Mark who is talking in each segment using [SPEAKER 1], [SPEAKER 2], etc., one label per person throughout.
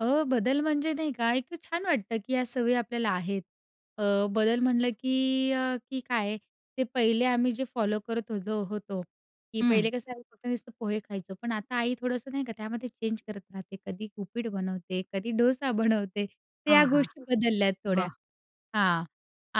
[SPEAKER 1] अ, बदल म्हणजे नाही का? एक छान वाटतं, की या सवयी आपल्याला आहेत. अ, बदल म्हटलं, की अ, की काय ते पहिले आम्ही जे फॉलो करत होतो होतो, की
[SPEAKER 2] हं.
[SPEAKER 1] पहिले कसं आहे फक्त नुसतं पोहे खायचो. पण आता आई थोडंसं नाही का त्यामध्ये चेंज करत राहते. कधी उपीठ बनवते, कधी डोसा बनवते. तर या
[SPEAKER 2] आहा!
[SPEAKER 1] गोष्टी बदलल्यात थोड्या.
[SPEAKER 2] वाह!
[SPEAKER 1] हां.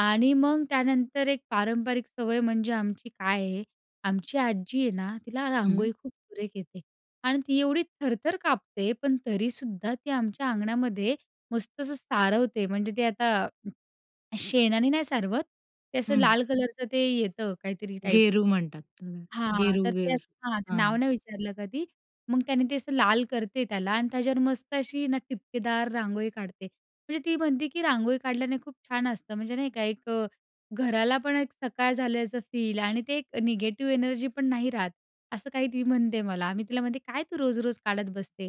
[SPEAKER 1] आणि मग त्यानंतर एक पारंपरिक सवय म्हणजे आमची काय आहे, आमची आजी आहे ना तिला
[SPEAKER 2] हं.
[SPEAKER 1] रांगोळी खूप सुरेख येते. आणि ती एवढी थरथर कापते, पण तरीसुद्धा ती आमच्या अंगणामध्ये मस्त असं सारवते म्हणजे ती आता शेणाने नाही सारवत, ते असं
[SPEAKER 2] हं.
[SPEAKER 1] लाल कलरचं ते येतं काहीतरी टाईप.
[SPEAKER 2] गेरू म्हणतात त्याला.
[SPEAKER 1] हां.
[SPEAKER 2] गेरू
[SPEAKER 1] तर ते
[SPEAKER 2] गेर.
[SPEAKER 1] असं, हां, ते नाव
[SPEAKER 2] हां.
[SPEAKER 1] नाही विचारलं कधी. मग त्याने ते असं लाल करते त्याला आणि त्याच्यावर मस्त अशी ना ठिपकेदार रांगोळी काढते. म्हणजे ती म्हणते, की "रांगोळी काढल्याने खूप छान असतं." म्हणजे नाही का, "एक घराला पण एक सकाळ झाल्याचं फील आणि ते एक निगेटिव्ह एनर्जी पण नाही राहत," असं काही ती म्हणते मला. मी तिला म्हणते, "काय तू रोज-रोज काढत बसते."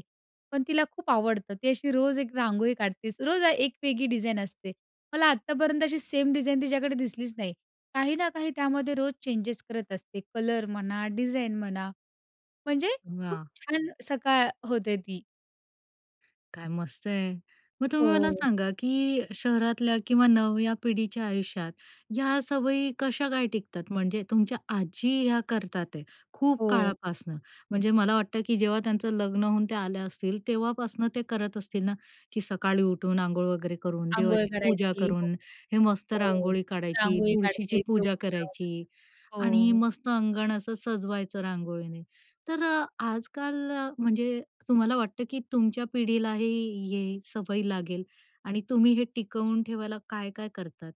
[SPEAKER 1] पण तिला खूप आवडतं. ती अशी रोज एक रांगोळी काढतेच. रोज एक वेगळी डिझाईन असते. मला आत्तापर्यंत अशी सेम डिझाईन तिच्याकडे दिसलीच नाही. काही ना काही त्यामध्ये रोज चेंजेस करत असते, कलर म्हणा डिझाईन म्हणा. म्हणजे खूप
[SPEAKER 2] वाह!
[SPEAKER 1] छान सकाळ होते ती.
[SPEAKER 2] काय मस्त आहे. मग तुम्ही मला
[SPEAKER 1] हो.
[SPEAKER 2] सांगा, की शहरातल्या किंवा नव्या पिढीच्या आयुष्यात ह्या सवयी कशा काय टिकतात? म्हणजे तुमच्या आजी ह्या करतात आहे, खूप
[SPEAKER 1] हो.
[SPEAKER 2] काळापासनं. म्हणजे मला वाटतं, की जेव्हा त्यांचं लग्न होऊन त्या आल्या असतील, तेव्हापासनं ते करत असतील ना? की सकाळी उठून अंघोळ वगैरे करून,
[SPEAKER 1] अंघोळ
[SPEAKER 2] देवाची पूजा
[SPEAKER 1] करायची. हो,
[SPEAKER 2] करून, हे मस्त
[SPEAKER 1] हो.
[SPEAKER 2] रांगोळी काढायची,
[SPEAKER 1] रांगोळी
[SPEAKER 2] तुळशीची
[SPEAKER 1] काढते,
[SPEAKER 2] पूजा
[SPEAKER 1] देवपूजा
[SPEAKER 2] करायची
[SPEAKER 1] वैगरे.
[SPEAKER 2] आणि
[SPEAKER 1] हो.
[SPEAKER 2] मस्त अंगण असं सजवायचं रांगोळीने. तर अ, आजकाल अ, म्हणजे तुम्हाला वाटतं, की तुमच्या पिढीलाही ही सवय लागेल आणि तुम्ही हे टिकवून ठेवायला काय-काय करतात?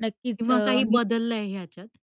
[SPEAKER 1] नक्कीच.
[SPEAKER 2] किंवा
[SPEAKER 1] अ,
[SPEAKER 2] काही
[SPEAKER 1] मी
[SPEAKER 2] बदललंय ह्याच्यात?